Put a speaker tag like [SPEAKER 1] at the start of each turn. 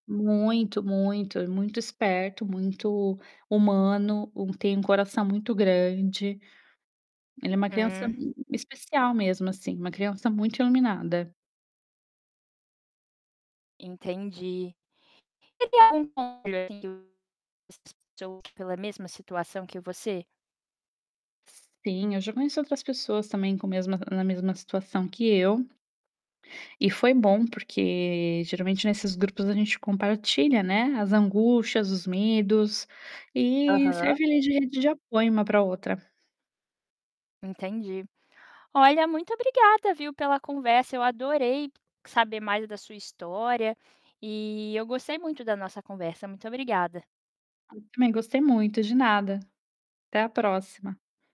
[SPEAKER 1] Muito, muito, muito esperto, muito humano. Tem um coração muito grande, ele é uma criança
[SPEAKER 2] Hum.
[SPEAKER 1] especial mesmo, assim, uma criança muito iluminada.
[SPEAKER 2] Entendi. Ele é um [unintelligible] pela mesma situação que você?
[SPEAKER 1] Sim, eu já conheço outras pessoas, também, com mesma na mesma situação que eu. E foi bom porque, geralmente, nesses grupos a gente compartilha, né, as angústias, os medos, e
[SPEAKER 2] Aham.
[SPEAKER 1] serve, ali, de rede de apoio uma para a outra.
[SPEAKER 2] Entendi. Olha, muito obrigada, viu, pela conversa. Eu adorei saber mais da sua história e eu gostei muito da nossa conversa. Muito obrigada.
[SPEAKER 1] Também gostei muito. De nada, até a próxima.